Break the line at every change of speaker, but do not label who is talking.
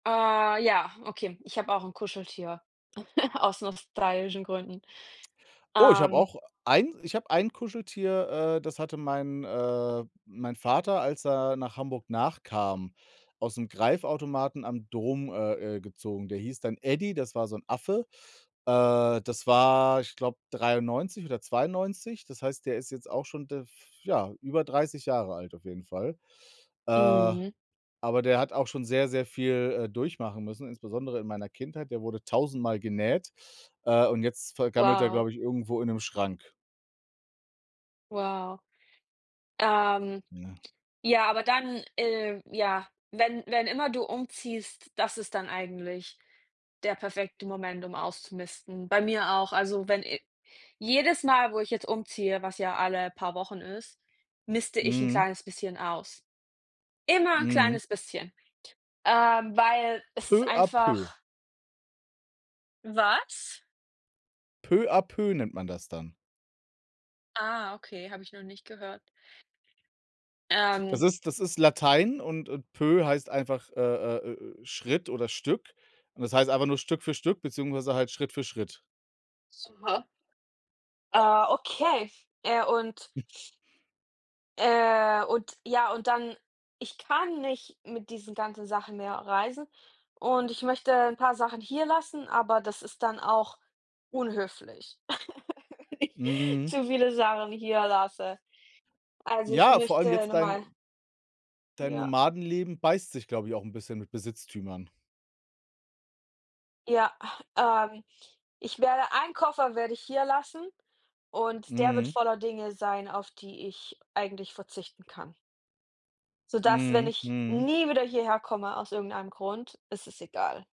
Äh, ja, okay. Ich habe auch 'n Kuscheltier aus nostalgischen Gründen.
Oh, ich habe
Ähm.
auch ein iche hab ein Kuscheltier, äh, das hatte mein äh, mein Vater, als er nach Hamburg nachkam, ausm Greifautomaten am Dom, äh, äh, gezogen. Der hieß dann Eddie, das war so 'n Affe. Äh, das war, ich glaube, 93 oder 92. Das heißt, der ist jetzt auch schon, d f ja, über 30 Jahre alt auf jeden Fall. Äh,
Mhm.
aber der hat auch schon sehr, sehr viel, äh, durchmachen müssen, insbesondere in meiner Kindheit. Der wurde tausendmal genäht, äh, und jetzt vergammelt er,
Wow.
glaube ich, irgendwo in 'nem Schrank.
Wow, ähm,
Ne?
ja, aber dann, äh, ja, wenn wenn immer du umziehst, das ist dann eigentlich der perfekte Moment, um auszumisten. Bei mir auch. Also, wenn i jedes Mal, wo ich jetzt umziehe, was ja alle paar Wochen ist, miste ich 'n
Mhm.
kleines bisschen aus. Immer 'n
Mhm.
kleines bisschen. Ähm, weil es ist
Peu à peu.
einfach Was?
Peu à peu nennt man das dann.
Ah okay, habe ich noch nicht gehört.
Das
Ähm.
ist das ist Latein und und peu heißt einfach, äh, äh, äh, Schritt oder Stück. Und das heißt einfach nur Stück für Stück beziehungsweise halt Schritt für Schritt.
Super. Ah, okay, äh, und äh, und ja und dann, ich kann nicht mit diesen ganzen Sachen mehr reisen und ich möchte 'n paar Sachen hier lassen, aber das ist dann auch unhöflich,
Mhm.
zu viele Sachen hier lasse. Also, ich
Ja vor allem
möchte
jetzt
noch mal
dein dein
Ja.
Nomadenleben beißt sich, glaube ich, auch 'n bisschen mit Besitztümern.
Ja, ähm, ich werde 1 Koffer werde ich hier lassen und der wird
Mhm.
voller Dinge sein, auf die ich eigentlich verzichten kann. Sodass, wenn
Mhm,
ich
mhm.
nie wieder hierher komme, aus irgendeinem Grund, ist es egal.